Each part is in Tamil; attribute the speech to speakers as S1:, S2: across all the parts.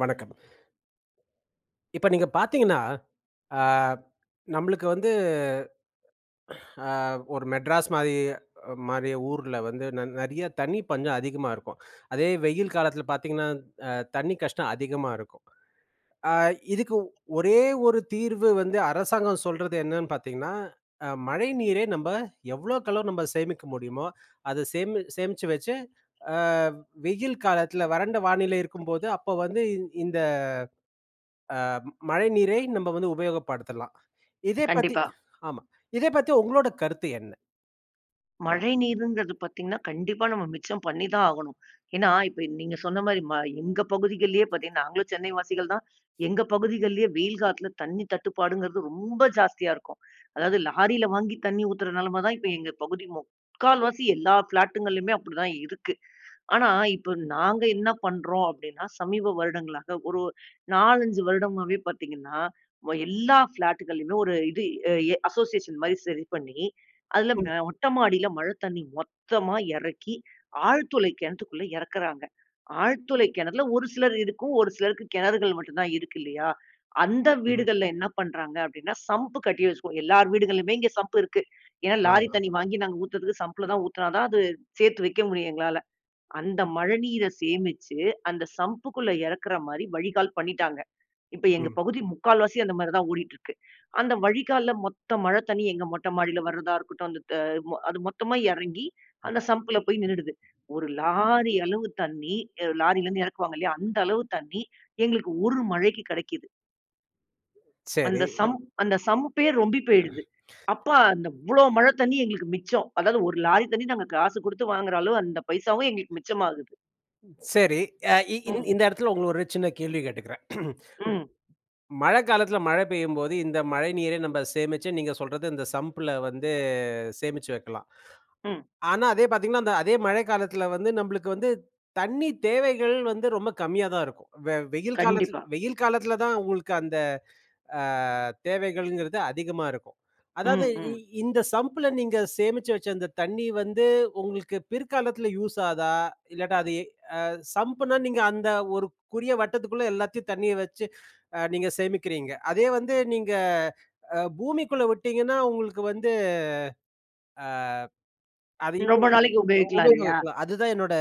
S1: வணக்கம். இப்ப நீங்க பார்த்தீங்கன்னா, அ நம்மளுக்கு வந்து அ ஒரு மெட்ராஸ் மாரி மாரி ஊர்ல வந்து நி நிறையா தண்ணி பஞ்சம் அதிகமா இருக்கும். அதே வெயில் காலத்தில பார்த்தீங்கன்னா, அ தண்ணி கஷ்டம் அதிகமா இருக்கும். அ இதுக்கு ஒரே ஒரு தீர்வு வந்து அரசாங்கம் சொல்றது என்னன்னு பார்த்தீங்கன்னா, அ மழை நீரை நம்ப எவ்வளோக்கு எவ்ளோ நம்ம சேமிக்க முடியுமோ, அதை சேமி சேமிச்சு வச்சு அ வெயில் காலத்தில வறண்ட வானிலை இருக்கும்போது, அப்போ வந்து இந்த அ மழைநீரை நம்ம வந்து உபயோகப்படுத்தலாம். இதை பத்தி
S2: கண்டிப்பா.
S1: ஆமா இதை பத்தி உங்களோட கருத்து என்ன?
S2: மழை நீருங்கிறது பார்த்தீங்கன்னா, கண்டிப்பா நம்ம மிச்சம் பண்ணிதான் ஆகணும். ஏன்னா, இப்ப நீங்க சொன்னமாரி ம எங்க பகுதிகள்லேயே பார்த்தீங்கன்னா, நாங்களும் சென்னை வாசிகள்தான். எங்க பகுதிகள்லேயே வெயில் காலத்தில தண்ணீ தட்டுப்பாடுங்கிறது ரொம்ப ஜாஸ்தியா இருக்கும். அதாவது லாரில வாங்கி தண்ணீ ஊத்துற நிலைமை தான் இப்ப எங்க பகுதி முக்கால்வாசி எல்லா ஃபிளாட்டுங்கள்லயுமே அப்பிடிதான் இருக்கு. ஆனா, இப்ப நாங்க என்ன பண்றோம் அப்பிடின்னா, சமீப வருடங்களாக ஒரு 4,5 வருடமாவே பார்த்தீங்கன்னா, எல்லா ஃபிளாட்டுகள்லையும் ஒரு இது எ அசோசியேஷன் மாரி சரி பண்ணி அதில
S1: ம்.
S2: அ மொட்ட மாடியில மழை தண்ணி மொத்தமா இறக்கி, ஆழ்துளை கிணத்துக்குள்ள இறக்குறாங்க. ஆழ்துளை கிணறுல ஒரு சிலரு இருக்கும் ஒரு சிலருக்கு கிணறுகள் மட்டும் தான் இருக்கு இல்லயா! அந்த
S1: அ.
S2: வீடுகள்ல என்ன பண்ணுறாங்க அப்பிடின்னா, சம்பு கட்டி வச்சுக்கோம். எல்லார் வீடுகளிலுமே இங்கே சம்பு இருக்கு. ஏன்னா, லாரி
S1: ஆமா.
S2: தண்ணீ வாங்கி நாங்க ஊற்றுறதுக்கு சம்புல தான் ஊத்துனா தான் அது சேர்த்து வைக்க முடியும் எங்களால. அந்த மழைநீரை சேமிச்சு அந்த சம்புக்குள்ளே இறக்கிறமாரி வழிகால் பண்ணிட்டாங்க. இப்ப எங்க
S1: ம்.
S2: பகுதி முக்கால்வாசி அந்தமாரி தான் ஓடிட்டு இருக்கு. அந்த வழிகால்ல மொத்த மழை தண்ணி, எங்க மொட்டை மாடில வர்றத இருக்கட்டும். அந்த த அது மொத்தமா இறங்கி,
S1: ம்.
S2: அந்த சம்ப்ல போய் நின்னுடுது. ஒரு லாரி அளவு தண்ணி, அ லாரிலேருந்து இறக்குவாங்க இல்லயா அந்த அளவு தண்ணீ எங்களுக்கு ஒரு மழைக்கு கிடைக்கிது.
S1: சரி.
S2: அந்த சம்ப் அந்த சம்ப்பே ரொம்பி போயிடுது. அப்ப அந்த இவ்வளோ மழை தண்ணி எங்களுக்கு மிச்சம். அதாவது ஒரு லாரி தண்ணி நாங்க காசு குடுத்து வாங்குற அளவு, அந்த பைசாவும் எங்களுக்கு மிச்சமாகுது.
S1: சரி. அ இ இந்
S2: ம்.
S1: இந்த இடத்தில உங்களுக்கு ஒரு சின்ன கேள்வி கேட்டுக்கிறேன்.
S2: ம்.
S1: மழைக்காலத்தில மழை பெய்யும்போது இந்த மழை நீரை நம்ம சேமிச்சு நீங்க சொல்றது இந்த சம்ப்ல வந்து சேமிச்சு வைக்கலாம்.
S2: ம்.
S1: ஆனா அதே பார்த்தீங்கன்னா, அந்த அதே மழை காலத்தில வந்து நம்பளுக்கு வந்து, தண்ணி தேவைகள் வந்து ரொம்ப கம்மியா தான் இருக்கும். வெ வெயில் காலத்தில்
S2: கண்டிப்பா.
S1: வெயில் காலத்தில தான் உங்களுக்கு அந்த அ தேவைகள்ங்கிறது அதிகமா இருக்கும். அதாவது
S2: ம்,
S1: இ
S2: ம்.
S1: இந்த சம்ப்பில நீங்க சேமிச்சு வச்ச அந்த தண்ணி வந்து உங்களுக்கு பிற்காலத்தில யூஸ் ஆகுதா, இல்லாட்டா அது ஏ அ சம்புன்னா நீங்க அந்த ஒரு குரிய வட்டத்துக்குள்ள எல்லாத்தையும் தண்ணியை வச்சு அ நீங்க சேமிக்கிறீங்க. அதே வந்து நீங்க அ பூமிக்குள்ள விட்டீங்கன்னா உங்களுக்கு வந்து அ அது
S2: ரொம்ப
S1: இன்னும்
S2: நாளைக்கு உபயோகிக்கலாம் இல்லையா?
S1: உபயோகிக்கலாம். அதுதான் என்னோட.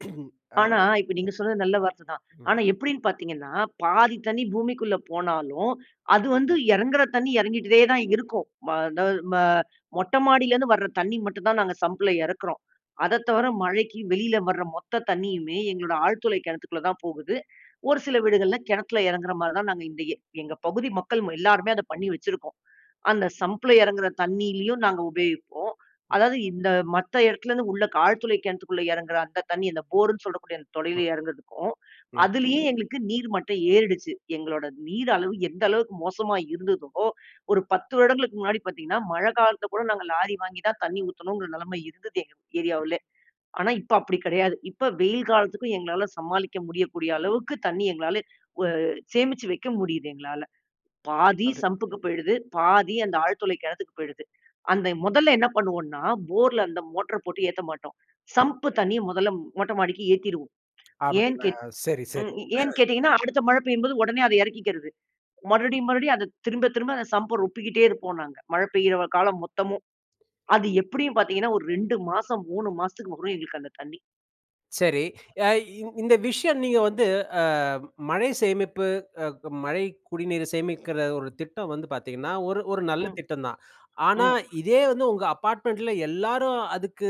S1: அ.
S2: ஆனா, இப்ப நீங்க சொன்னது நல்ல வார்த்தை தான்.
S1: ம்.
S2: ஆனா எப்படின்னு பார்த்தீங்கன்னா, பாதி தண்ணி பூமிக்குள்ள போனாலும், அது வந்து இறங்குற தண்ணி இறங்கிட்டே தான் இருக்கும். ம அதாவது ம மொட்டை மாடியிலேருந்து வர தண்ணி மட்டும் தான் நாங்க சம்பில இறக்குறோம். அதை தவிர மழைக்கு வெளியில வர மொத்த தண்ணியுமே எங்களோட ஆழ்துளை கிணத்துக்குள்ள தான் போகுது. ஒரு சில வீடுகள்ல கிணத்தில இறங்குற மாரி தான் நாங்க இந்த எ எங்க பகுதி மக்கள் ம எல்லாருமே அத பண்ணி வச்சிருக்கோம். அந்த சம்பில இறங்குகிற தண்ணியிலேயும் நாங்க உபயோகிப்போம். அதாவது இந்த மத்த இடத்துலேருந்து உள்ள க் ஆழ்துளை கிணத்துக்குள்ள இறங்குகிற அந்த தண்ணி அந்த போர்ன்னு சொல்லக்கூடிய அந்த தொளையில
S1: ம்
S2: இறங்கறதுக்கும்,
S1: அ.
S2: அதிலேயே எங்களுக்கு நீர் மட்டம் ஏறிடுச்சு. எங்களோட நீர் அளவு எந்த அளவுக்கு மோசமா இருந்ததோ, ஒரு 10 வருடங்களுக்கு முன்னாடி பார்த்தீங்கன்னா, மழை காலத்தில கூட நாங்க லாரி வாங்கி தான் தண்ணி ஊத்தணுங்கிற நிலைமை இருந்தது எங்க ஏரியாவுலே. ஆனா இப்ப அப்படி கிடையாது. இப்ப வெயில் காலத்துக்கும் எங்களால சமாளிக்க முடியக்கூடிய அளவுக்கு தண்ணி எங்களால வ சேமிச்சு வைக்க முடியுது. எங்களால. பாதி
S1: அப்படியே
S2: சம்புக்கு போயிடுது, பாதி அந்த ஆழ்துளை கிணத்துக்கு போயிடுது. அந்த முதல்ல என்ன பண்ணுவோன்னா போர்ல அந்த மோட்டர போட்டு ஏத்த மாட்டோம். சம்பு தண்ணிய முதல்ல மொட்டை மாடிக்கு ஏத்திருவோம். ஏன்
S1: அப்படிங்களா?
S2: கேட்
S1: சரி,
S2: ம்
S1: சரி.
S2: ஏன் கேட்டீங்கன்னா, அடுத்த மழை பெய்யும்போது உடனே அதை இறக்கிக்கிறது. மறுபடியும் மறுபடியும் அதை திரும்ப திரும்ப அந்த சம்பை ரொப்பிக்கிட்டே இருப்போம் நாங்க. மழை பெய்யுற காலம் மொத்தமும். அது எப்படியும் பார்த்தீங்கன்னா, ஒரு 2 மாசம் 3 மாசத்துக்கு வரும் எங்களுக்கு அந்த தண்ணி.
S1: சரி. எ இ இந்த விஷயம் நீங்க வந்து அ மழை சேமிப்பு அ க மழை, குடிநீர சேமிக்கிற ஒரு திட்டம் வந்து பார்த்தீங்கன்னா, ஒரு ஒரு நல்ல
S2: ம்.
S1: திட்டம் தான். ஆனா,
S2: ம்.
S1: இதே வந்து உங்க அப்பார்ட்மெண்ட்ல எல்லாரும் அதுக்கு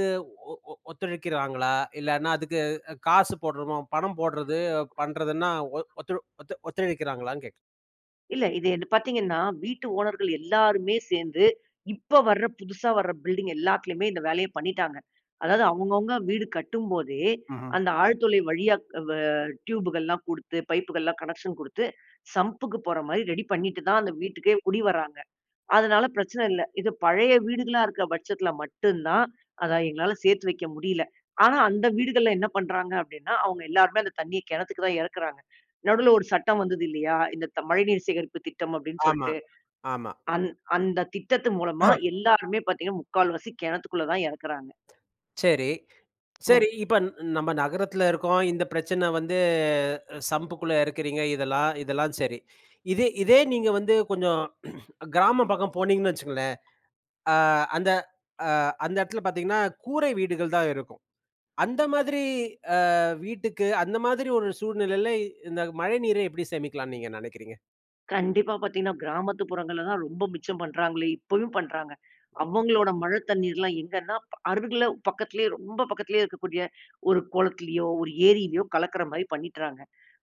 S1: ஒ ஒ ஒத்துழைக்கிறாங்களா? இல்லனா அதுக்கு க காசு போடுறோமோ, பணம் போடுறது, பண்றதுன்னா ஒ ஒத்து ஒத்து ஒத்துழைக்கிறாங்களான்னு கேட்கிறேன்?
S2: இல்ல. இது என் பார்த்தீங்கன்னா, வீட்டு ஓனர்கள் எல்லாருமே சேர்ந்து, இப்ப வர புதுசா வர பில்டிங் எல்லாத்துலையுமே இந்த வேலைய பண்ணீட்டாங்க. அதாவது அவங்கவங்க வீடு கட்டும்போதே,
S1: ம்ஹம்.
S2: அந்த ஆழ்துளை வழியா வ டியூபுகள்லாம் கொடுத்து, பைப்புகள்லாம், கனெக்க்ஷன் கொடுத்து, சம்புக்கு போற மாரி ரெடி பண்ணிட்டு தான், அந்த வீட்டுக்கே குடி வராங்க. அதனால பிரச்சன இல்ல. இது பழைய வீடுகளா இருக்க பட்சத்துல மட்டும் தான், அதா, எங்களால சேர்த்து வைக்க முடியல. ஆனா அந்த வீடுகள்ல என்ன பண்ணுறாங்க அப்படின்னா, அவங்க எல்லாருமே அந்த தண்ணிய கிணத்துக்கு தான் இறக்கிறாங்க. நடுவுல ஒரு சட்டம் வந்தது இல்லையா? இந்த த மழைநீர் சேகரிப்பு திட்டம் அப்படின்னு
S1: ஆமா.
S2: சொல்ட்டு.
S1: ஆமா.
S2: அந் அந்த திட்டத்தின் மூலமா எல்லோருமே பார்த்தீங்கன்னா, முக்கால்வாசி கிணத்துக்குள்ள தான் இறக்கிறாங்க.
S1: சரி.
S2: ம்.
S1: சரி இப்ப ந நம்ப நகரத்துல இருக்கோம், இந்த பிரச்சன வந்து சம்புக்குள்ள இறக்கிறீங்க. இதெல்லாம், இதெல்லாம், சரி. இதே இதே நீங்க வந்து கொஞ்சம் கிராமம் பக்கம் போனீங்கன்னு வச்சுக்கங்களேன், அ அந்த, அ அந்த இடத்துல பார்த்தீங்கன்னா, கூரை வீடுகள் தான் இருக்கும். அந்த மாதிரி அ வீட்டுக்கு, அந்த மாதிரி ஒரு சூழ்நிலைல, இந்த மழை நீரை எப்படி சேமிக்கலாம்ன்னு நீங்க நெனைக்கிறீங்க?
S2: கண்டிப்பா. பார்த்தீங்கன்னா கிராமத்து புறங்கள்ல தான், ரொம்ப மிச்சம் பண்ணுறாங்களே. இப்பயும் பண்ணுறாங்க. அவங்களோட மழை தண்ணீர்லாம் எங்கன்னா, ப அருகில பக்கத்திலேயே, ரொம்ப பக்கத்திலேயே இருக்கக்கூடிய ஒரு குளத்திலேயோ, ஒரு ஏரிலயோ, கலக்கிற மாரி பண்ணிட்றாங்க.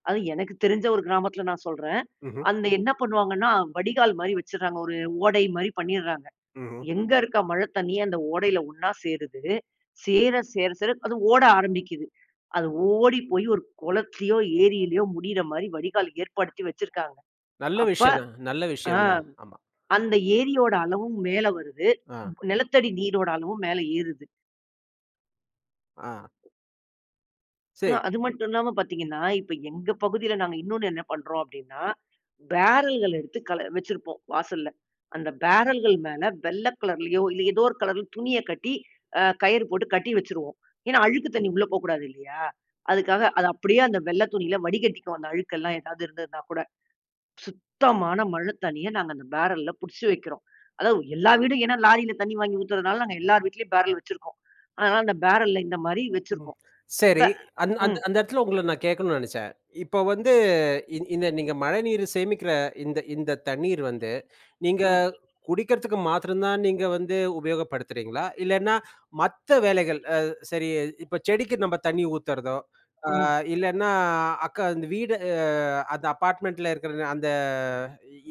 S2: அதுவும் எனக்கு தெரிஞ்ச ஒரு கிராமத்துல நான் சொல்றேன்.
S1: ம்ஹம்.
S2: அந்த என்ன பண்ணுவாங்கன்னா, வடிகால் மாரி வச்சுடுறாங்க. ஒரு ஓடை மாரி பண்ணிடுறாங்க.
S1: ம்ஹம்.
S2: எங்க இருக்க மழை தண்ணியே அந்த ஓடையில ஒன்னா சேருது. சேர சேர சேர, அது ஓட ஆரம்பிக்குது. அது ஓடி போய் ஒரு குளத்துலையோ, ஏரிலயோ, முடியிற மாரி வடிகால் ஏற்படுத்தி வச்சிருக்காங்க.
S1: நல்ல
S2: அப்ப
S1: விஷயம் தான். நல்ல
S2: அ,
S1: விஷயம் தான். ஆமா.
S2: அந்த ஏரியோட அளவும் மேல வருது,
S1: அ.
S2: ப்ப நிலத்தடி நீரோட அளவும் மேல ஏறுது.
S1: ஆ.
S2: அ
S1: சரி.
S2: அது மட்டும் இல்லாம பார்த்தீங்கன்னா, இப்ப எங்க பகுதியில நாங்க இன்னொன்னு என்ன பண்றோம் அப்படீன்னா, பேரல் கள் எடுத்து கல வச்சிருப்போம் வாசல்ல. அந்த பேரல்கள் மேல வெள்ள கலர்லயோ, இல்ல எதோ ஒரு கலர்ல துணிய கட்டி அ கயிறு போட்டு கட்டி வச்சுருவோம். ஏன்னா, அழுக்கு தண்ணி உள்ள போக்கூடாது இல்லையா? அதுக்காக. அது அப்படியே அந்த வெள்ள துணியில வடிகட்டிக்குவோம். அந்த அழுக்கு எல்லாம் ஏதாவது இருந்ததுன்னாகூட. சுத்தமான மழை தண்ணிய நாங்க அந்த பேரல்ல புடிச்சு வைக்கிறோம். அதாவது எல்லா வீடும், ஏன்னா லாரில தண்ணி வாங்கி ஊத்துறனால நாங்க எல்லார் வீட்லயும் பேரல் வச்சுருக்கோம். அதனால அந்த பேரல்ல இந்தமாரி
S1: ம்.
S2: வச்சுருக்கோம். ப
S1: சரி. அந்த அந்
S2: ம்.
S1: அந்த இடத்தில உங்கள நான் கேட்கணுன்னு நெனச்சேன். இப்ப வந்து இ இந்த நீங்க மழைநீர சேமிக்கிற இந்த இந்த தண்ணீர் வந்து நீங்க
S2: ம்.
S1: குடிக்கிறதுக்கு மாத்திரம் தான், நீங்க வந்து உபயோகப்படுத்துறீங்களா? இல்லன்னா, மத்த வேலைகள் அ சரி இப்ப செடிக்கு நம்ம தண்ணி ஊத்தறதோ, ஆ
S2: ம்.
S1: இல்லன்னா, அக்க இந்த வீடு அந்த அப்பார்ட்மெண்ட்ல இருக்கிற அந்த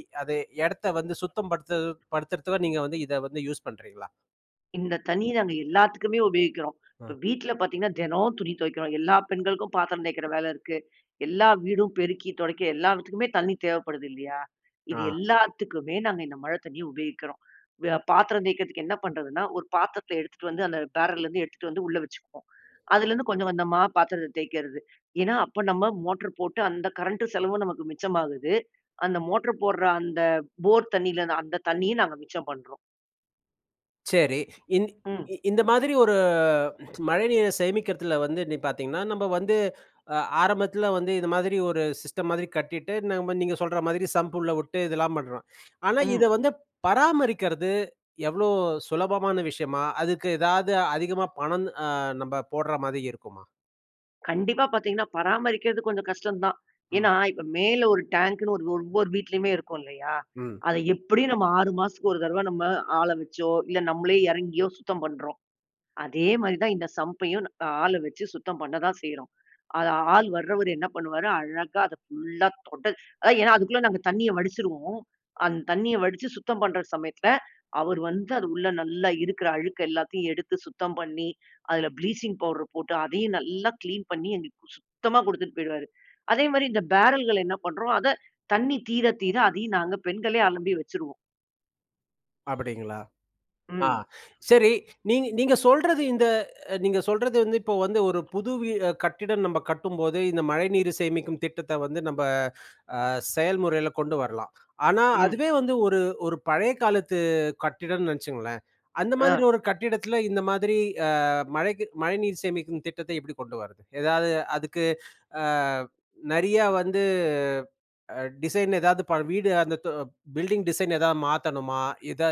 S1: இ அது இடத்த வந்து சுத்தம் படுத்து- படுத்துறதுக்கு நீங்க வந்து இத வந்து யூஸ் பண்ணுறீங்களா?
S2: இந்த தண்ணிய நாங்க எல்லாத்துக்குமே உபயோகிக்கிறோம்.
S1: ம்.
S2: இப்ப வீட்ல பார்த்தீங்கன்னா, தினம் துணி துவைக்கிறோம். எல்லா பெண்களுக்கும் பாத்திரம் தேய்க்கிற வேல இருக்கு. எல்லா வீடும் பெருக்கி துடைக்க, எல்லாவற்றுக்குமே தண்ணி தேவைப்படுது இல்லையா?
S1: ஆ.
S2: இது எல்லாத்துக்குமே நாங்க இந்த மழை தண்ணிய உபயோகிக்கிறோம். வ பாத்திரம் தேய்க்கிறதுக்கு என்ன பண்ணுறதுன்னா, ஒரு பாத்திரத்துல எடுத்துட்டு வந்து அந்த பேரல்லேருந்து எடுத்துட்டு வந்து உள்ள வச்சுக்குவோம். அதுலேருந்து கொஞ்சம், கொஞ்சமா பாத்திரத்த தேய்க்கிறது. ஏன்னா, அப்ப நம்ம மோட்டரு போட்டு அந்த கரண்டு செலவும் நமக்கு மிச்சமாகுது. அந்த மோட்டரு போடுற அந்த போர் தண்ணியில்ல, அந்த தண்ணியும் நாங்க மிச்சம் பண்றோம்.
S1: சரி. இன்
S2: ம்.
S1: இந்த மாதிரி ஒரு அ மழைநீரை சேமிக்கிறதில வந்து நீங் பார்த்திங்கன்னா, நம்ம வந்து அ ஆரம்பத்தில வந்து, இது மாதிரி ஒரு சிஸ்டம் மாதிரி கட்டிட்டு, நம்ம நீங்க சொல்ற மாதிரி, சம்பு உள்ள விட்டு இதெல்லாம் பண்ணுறோம். ஆனா,
S2: ம்.
S1: இதை வந்து பராமரிக்கிறது, எவ்வளோ சுலபமான விஷயமா? அதுக்கு எதாவது அதிகமா பணம் அ நம்ப போடுற மாரி இருக்குமா?
S2: கண்டிப்பா பார்த்தீங்கன்னா, பராமரிக்கிறது கொஞ்சம் கஷ்டம் தான்.
S1: ம்.
S2: ஏன்னா, இப்ப மேல ஒரு டாங்க்னு ஒரு ஒவ்வொரு வீட்டிலேயுமே இருக்கும், இல்லையா?
S1: ம்.
S2: அதை எப்படியும் நம்ம 6 மாசத்துக்கு ஒரு தடவை நம்ம ஆள வச்சோ, இல்ல நம்மளே இறங்கியோ சுத்தம் பண்றோம். அதே மாரி தான், இந்த சம்ப்பையும் ஆளை வச்சு சுத்தம் பண்ண தான் செய்றோம். அது ஆள் வர்றவரு என்ன பண்ணுவாரு? அழகா அதை ஃபுல்லா தொடச் அதான் ஏன்னா அதுக்குள்ள நாங்க தண்ணீய வடிச்சுருவோம். அந்த தண்ணீய வடிச்சு சுத்தம் பண்ற சமயத்தில, அவர் வந்து அது உள்ள நல்லா இருக்கிற அழுக்கு எல்லாத்தையும் எடுத்து சுத்தம் பண்ணி, அதில ப்ளீச்சிங் பவுடர் போட்டு, அதையும் நல்லா கிளீன் பண்ணி, எங்களுக்கு சுத்தமா குடுத்துட்டு போயிடுவாரு. அதேமாரி, இந்த பேரல்கள என்ன பண்றோம்? அத தண்ணீ தீர தீர அதையும் நாங்க பெண்களே அலம்பி வச்சுருவோம்.
S1: அப்பிடீங்களா? ஆ
S2: ம்.
S1: சரி, நீங் நீங்க சொல்றது இந்த நீங்க சொல்றது வந்து, இப்போ வந்து ஒரு புது வீ அ கட்டிடம் நம்ப கட்டும்போது, இந்த மழைநீரு சேமிக்கும் திட்டத்தை வந்து, நம்ப ஆ செயல்முறையில கொண்டு வரலாம். ஆனா
S2: ம்.
S1: அதுவே வந்து ஒரு ஒரு பழைய காலத்து கட்டிடம்னு நினைச்சுக்கங்களேன். அந்த மாதிரி
S2: ஆ.
S1: ஒரு கட்டிடத்தில, இந்த மாதிரி அ மழைக்கு மழைநீர் சேமிக்கும் திட்டத்தை எப்படி கொண்டு வரது? ஏதாவது அதுக்கு அ நெறியா வந்து டிசைன் ஏதாவது, ப வீடு அந்த த பில்டிங் டிசைன் ஏதாவது மாத்தணுமா? எதா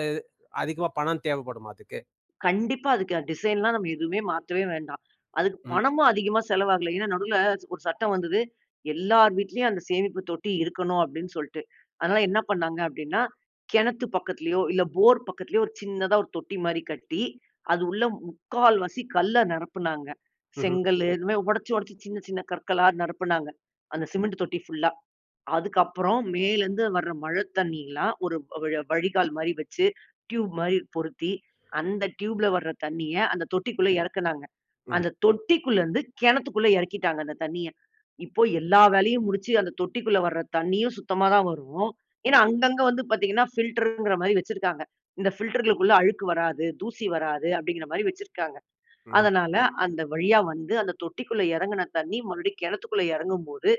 S1: அதிகமா பணம் தேவைப்படுமா அதுக்கு?
S2: கண்டிப்பா அதுக்கு அ டிசைன்லாம் நம்ம எதுவுமே மாத்தவே வேண்டாம். அதுக்கு
S1: ம்.
S2: பணமும் அதிகமா செலவாகல. ஏன்னா, நடுல ஒரு சட்டம் வந்தது. எல்லார் வீட்டிலேயும் அந்த சேமிப்பு தொட்டி இருக்கணும் அப்பிடீன்னு சொல்லிட்டு. அதனால என்ன பண்ணாங்க அப்பிடீன்னா, கிணத்து பக்கத்திலயோ இல்ல போர் பக்கத்திலயோ ஒரு சின்னதா ஒரு தொட்டி மாரி கட்டி, அது உள்ள முக்கால்வாசி கல்ல நிரப்புனாங்க.
S1: ம்ஹ்ம்.
S2: செங்கலு இது மாரி உடைச்சு, உடைச்சு சின்ன, சின்ன கற்களா நிரப்பினாங்க, அந்த சிமெண்ட் தொட்டி ஃபுல்லா. அதுக்கு அப்புறம் மேலருந்து வர்ற மழை தண்ணீல்லாம் ஒரு வ வழ வழிகால் மாரி வைச்சு, டியூப் மாரி பொருத்தி, அந்த ட்யூப்ல வர்ற தண்ணீய அந்த தொட்டிக்குள்ள இறக்குனாங்க.
S1: ம்.
S2: அந்த தொட்டிக்குள்ளருந்து, கிணத்துக்குள்ள இறக்கிட்டாங்க அந்த தண்ணீய. இப்போ எல்லா வேலையும் முடிச்சு அந்த தொட்டிக்குள்ள வர்ற தண்ணீயும் சுத்தமா தான் வரும். ஏன்னா அங்கங்க வந்து பார்த்தீங்கன்னா ஃபில்டரு ன்கிற மாரி வச்சிருக்காங்க. இந்த ஃபில்டர்களுக்குள்ள அழுக்கு வராது, தூசி வராது அப்பிடீன்கிற மாரி வச்சிருக்காங்க.
S1: ம்.
S2: அதனால, அந்த வழியா வந்து, அந்த தொட்டிக்குள்ள இறங்கின தண்ணீ மறுபடியும் கிணத்துக்குள்ள இறங்கும்போது,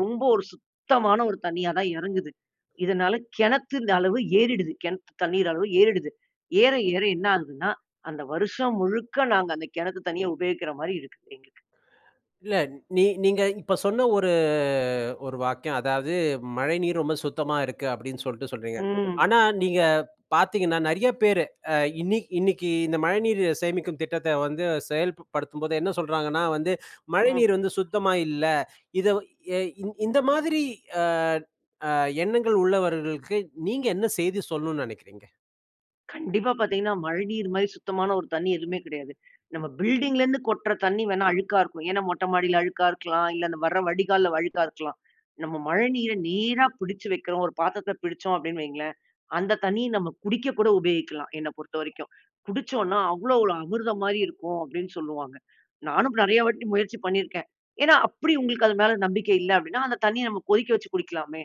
S2: ரொம்ப ஒரு சுத்தமான ஒரு தண்ணீயா தான் இறங்குது. இதனால கிணத்தொட அளவு ஏறிடுது. கிணத்து தண்ணீர் அளவு ஏறிடுது. ஏற ஏற என்ன ஆகுதுன்னா, அந்த வருஷம் முழுக்க நாங்க அந்த கிணத்து தண்ணீய உபயோகிக்கிற மாரி இருக்கு எங்களுக்கு.
S1: இல்ல. நீ நீங்க இப்ப சொன்ன ஒரு ஒரு வாக்கியம் அதாவது, மழைநீர் ரொம்ப சுத்தமா இருக்கு அப்டின்னு சொல்லிட்டு சொல்றீங்க.
S2: ம்.
S1: ஆனா நீங்க பாத்தீங்கன்னா, நெறைய பேரு இன்னிக்கு இன்னைக்கு இந்த மழைநீர் சேமிக்கும் திட்டத்தை வந்து செயல்ப்படுத்தும்போது என்ன சொல்றாங்கன்னா வந்து,
S2: ம்.
S1: மழைநீர் வந்து சுத்தமா இல்ல. இதை எ இந்த மாதிரி அ அ எண்ணங்கள் உள்ளவர்களுக்கு நீங்க என்ன செய்தி சொல்லணும்னு நினைக்கிறீங்க?
S2: கண்டிப்பா பார்த்தீங்கன்னா மழைநீர் மாரி சுத்தமான ஒரு தண்ணி எதுவுமே கிடையாது. நம்ம பில்டிங்லேருந்து கொட்டுற தண்ணி வேண்ணா அழுக்கா இருக்கும். ஏன்னா மொட்ட மாடியில அழுக்கா இருக்கலாம். இல்ல அந்த வர்ற வடிகால்ல அழுக்கா இருக்கலாம். நம்ம மழைநீரை நேரா பிடிச்சி வக்கிறோம் ஒரு பாத்துரத்துல பிடிச்சோம் அப்படின்னு வைங்களேன். அந்த தண்ணி நம்ம குடிக்க கூட உபயோகிக்கலாம் என்ன பொறுத்த வரைக்கும். குடிச்சோன்னா அவ்வளோ ஒரு அமிர்தம் மாதிரி இருக்கும் அப்படின்னு சொல்லுவாங்க. நானும் நெறைய வாட்டி முயற்சி பண்ணியிருக்கேன். ஏன்னா அப்படி உங்களுக்கு அது மேல நம்பிக்கை இல்ல அப்படின்னா அந்த தண்ணிய நம்ம கொதிக்க வச்சு குடிக்கலாமே.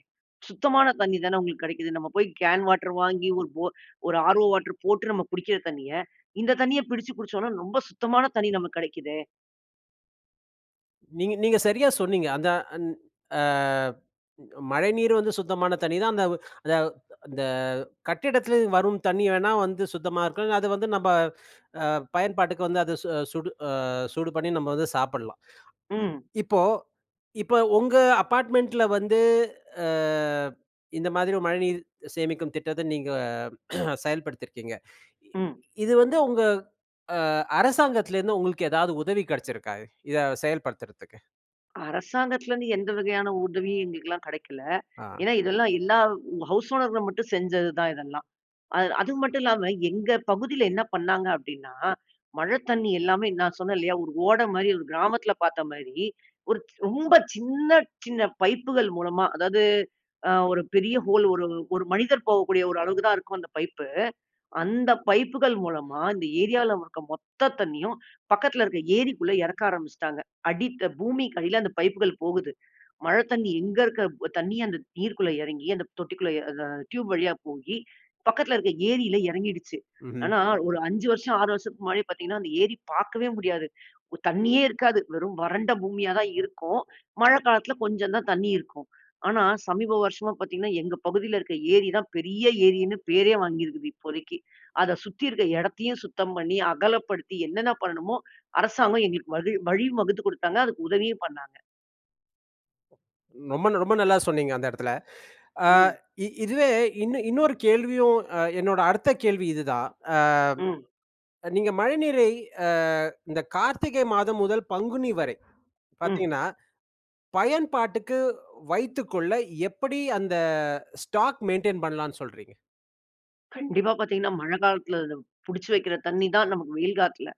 S2: சுத்தமான தண்ணி தானே உங்களுக்கு கிடைக்குது. நம்ம போய் கேன் வாட்டர் வாங்கி ஒரு ஒர் ஓரு ஆரோ வாட்டர் போட்டு நம்ம குடிக்கிற தண்ணிய இந்த தண்ணிய பிடிச்சு குடிச்சோம்ன்னா ரொம்ப சுத்தமான தண்ணி நமக்கு கெடக்கிதே.
S1: நீங்க நீங்க சரியா சொன்னீங்க. அந்த ஆன் அ மழைநீர் வந்து சுத்தமான தண்ணி தான். அந்த வ அந்த வ் அந்த கட்டிடத்திலருந்து வரும் தண்ணி வேண்ணா வந்து சுத்தமா இருக்கும். அது வந்து நம்ம அ பயன்பாட்டுக்கு வந்து அது சு சூடு அ சூடு பண்ணி நம்ம வந்து சாப்பிடலாம்.
S2: ம்.
S1: இப்போ இப்ப உங்க அப்பார்ட்மெண்ட்டில வந்து அ இந்த மாதிரி மழைநீர் சேமிக்கும் திட்டத்த நீங்க செயல்படுத்தியிருக்கீங்க. இ
S2: ம்.
S1: இது வந்து உங்க அ அரசாங்கத்திலேருந்து உங்களுக்கு ஏதாவது உதவி கிடைச்சிருக்கா? இதை செயல்படுத்துறதுக்கு.
S2: அரசாங்கத்துலருந்து எந்த வகையான உதவியும் எங்களுக்கெல்லாம் கெடைக்கல.
S1: அ.
S2: ஏன்னா இதெல்லாம் எல்லா ஹவுஸ் ஓனர்கள் மட்டும் செஞ்சது தான் இதெல்லாம். அ அது மட்டும் இல்லாம எங்க பகுதில என்ன பண்ணாங்கங்க அப்டின்னா, மழை தண்ணீ எல்லாமே நான் சொன்னேன் இல்லையா? ஒரு ஓடை மாதிரி ஒரு கிராமத்துல பார்த்த மாரி, ஒரு ரொம்ப சின்ன சின்ன பைப்புகள் மூலமா அதாவது, அ ஒரு பெரிய ஹோல் ஒரு ஒரு மனிதர் போகக்கூடிய ஒரு அளவுக்கு தான் இருக்கும் அந்த பைப்பு, அந்த பைப்புகள் மூலமா இந்த ஏரியால இருக்குற மொத்த தண்ணணீயும், பக்கத்துல இருக்க ஏரிக்குள்ள எறக்க ஆரம்பிச்சுட்டாங்க. அடித்த பூமிக்கு அடில அந்த பைப்புகள் போகுது. மழை தண்ணீ எங்க இருக்குற தண்ணீ. அந்த நீர் குள்ள எறங்கி அந்த தொட்டிக்குள்ள அ டியூப் வழியா போயி பக்கத்துல இருக்கிற ஏரில எறங்கிடுச்சு.
S1: ம்ஹ்ம்.
S2: ஆனா ஒரு 5 வருஷம், 6 வருஷத்துக்கு முன்னாடி பார்த்தீங்கன்னா, அந்த ஏரி பார்க்கவே முடியாது. ஒ தண்ணீயே இருக்காது, வெறும் வறண்ட பூமியா தான் இருக்கும். மழ காலத்துல கொஞ்சம் தான் தண்ணீ இருக்கும். ஆனா சமீப வருஷமா பார்த்தீங்கன்னா, எங்க பகுதில இருக்க ஏரி தான் பெரிய ஏரின்னு பேரே வாங்கியிருக்குது இப்போதைக்கு. அத சுத்தி இருக்க எடத்தையும் சுத்தம் பண்ணி, அகலப்படுத்தி என்னென்ன பண்ணணுமோ, அரசாங்கம் எங்களுக்கு வகி வழி வகுத்து கொடுத்தாங்க. அதுக்கு உதவியும் பண்ணாங்க!
S1: ரொம்ப ரொம்ப நல்லா சொன்னீங்க அந்த இடத்தில. ஆ
S2: ம்.
S1: இதுவே இன் இன்னொரு கேள்வியும் அ என்னோட அடுத்த கேள்வி இதுதான். அ
S2: ம்.
S1: நீங்க மழைநீரை அ இந்த கார்த்திகை மாதம் முதல் பங்குனி வரை
S2: ம்.
S1: பார்த்தீங்கன்னா, பயன்பாட்டுக்கு வைத்துக்கொள்ள எப்படி அந்த ஸ்டாக் மெயின்டெயின் பண்ணலாம்ன்னு சொல்றீங்க?
S2: கண்டிப்பா பார்த்தீங்கன்னா, மழை காலத்தில புடிச்சு வைக்கிற தண்ணி தான் நமக்கு வெயில் காலத்தில.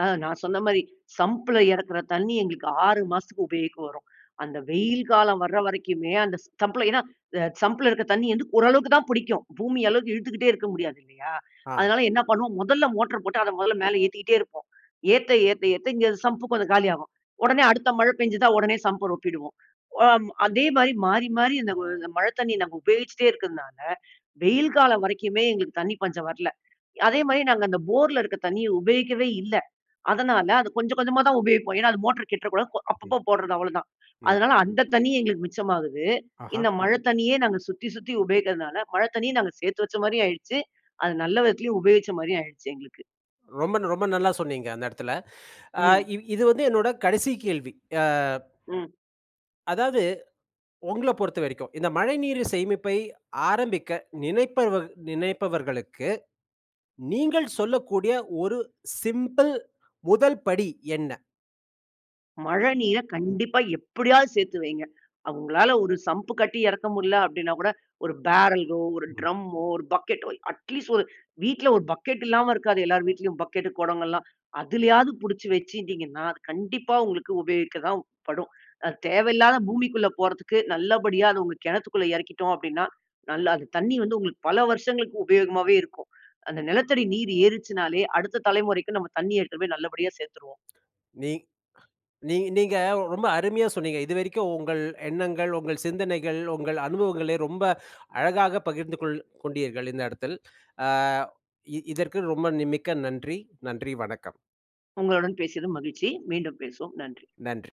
S2: அ நான் சொன்ன மாரி சம்ப்பில இறக்கிற தண்ணி எங்களுக்கு 6 மாசத்துக்கு உபயோகிக்க வரும். அந்த வெயில் காலம் வர வரைக்குமே அந்த சம்ப்பில ஏன்னா சம்பில இருக்க தண்ணி வந்து ஓரளவுக்கு தான் புடிக்கும். பூமி அளவுக்கு இழுத்துக்கிட்டே இருக்க முடியாது இல்லையா?
S1: ஆ.
S2: அதனால என்ன பண்ணுவோம் முதல்ல மோட்டார போட்டு அதை முதல்ல மேல ஏத்திக்கிட்டே இருப்போம். ஏத்த, ஏத்த, ஏத்த இங்க சம்பு கொஞ்சம் காலியாகும். உடனே அடுத்த மழை பெஞ்சுதா உடனே சம்ப்ப ரொப்பிடுவோம். வாம் அதே மாரி மாறி மாறி, இந்த வ மழை தண்ணியை நம்ப உபயோகிச்சிட்டே இருக்கதுனால வெயில் காலம் வரைக்குமே எங்களுக்கு தண்ணி பஞ்சம் வரல. அதேமாரி நாங்க அந்த போர்ல இருக்க தண்ணிய உபயோகிக்கவே இல்லை. அதனால அது கொஞ்சம் கொஞ்சமா தான் உபயோகிப்போம். ஏன்னா அது மோட்டர் கெட்டுற கூடாது. போ
S1: ம்.
S2: அப்பப்போ போடுறது அவ்வளோதான்.
S1: ம்.
S2: அதனால அந்த தண்ணி எங்களுக்கு மிச்சமாகுது.
S1: ஆஹா.
S2: இந்த மழை தண்ணியே நாங்க சுத்தி சுத்தி உபயோகிக்கிறதுனால மழை தண்ணியை நாங்க சேர்த்து வச்ச மாரியும் ஆயிடுச்சு. அது நல்ல விதத்துலயும் உபயோகிச்ச மாரியும் ஆயிடுச்சு எங்களுக்கு.
S1: ரொம்ப ரொம்ப நல்லா சொன்னீங்க. அந்த இடத்தில. ஆ
S2: ம்.
S1: இ இது வந்து என்னோட கடைசி கேள்வி. ஆ.
S2: ம்.
S1: அதாவது, உங்களப் பொறுத்தவரைக்கும், இந்த மழைநீரு சேமிப்பை ஆரம்பிக்க நினைப்பவர் நினைப்பவர்களுக்கு நீங்க சொல்லக்கூடிய, ஒரு சிம்பிள் முதல்படி என்ன?
S2: மழநீரை கண்டிப்பா எப்படியாவது சேத்து வையுங்க. அ உங்களால ஒரு சம்ப் கட்டி இறக்க முடில அப்டின்னா கூட ஒரு பேரலோ, ஒரு
S1: ம்.
S2: ட்ரம்மோ, ஒரு பக்கெட்டோ, அட் லீஸ்ட் ஒரு வீட்டில ஒரு பக்கெட் இல்லாம இருக்காது. எல்லோர் வீட்லயும். பக்கெட்டு குடங்கள்லாம், அதிலயாவது புடிச்சு வெச்சுருந்தீங்கன்னா, அது ந கண்டிப்பா உங்களுக்கு உபயோகிக்க தான் படும். அது தேவையில்லாத பூமிக்குள்ள போறதுக்கு, நல்லபடியா, அது உங்க கெணத்துக்குள்ள எறக்கிட்டோம் அப்டின்னா, நல்லா அந்த தண்ணீ வந்து, உங்களுக்கு பல வருஷங்களுக்கு உபயோகமாவே இருக்கும். அந்த நிலத்தடி நீர் ஏறிச்சுன்னாலே, அடுத்த தலைமுறைக்கு, நம்ம தண்ணீ எடுத்துட்டு போயி நல்லபடியா சேத்துருவோம்.
S1: நீங் அ நீங் நீங்க ரொம்ப அருமையா சொன்னீங்க. இதுவரைக்கும் உங்கள் எண்ணங்கள் உங்கள் சிந்தனைகள், உங்கள் அனுபவங்களை ரொம்ப அழகாக பகிர்ந்து கொள் கொண்டீர்கள். இந்த இடத்தில். ஆ இ இதற்கு ரொம்ப நி மிக்க நன்றி. நன்றி வணக்கம்.
S2: உங்களுடன் பேசியது மகிழ்ச்சி. மீண்டும் பேசுவோம். நன்றி.
S1: நன்றி.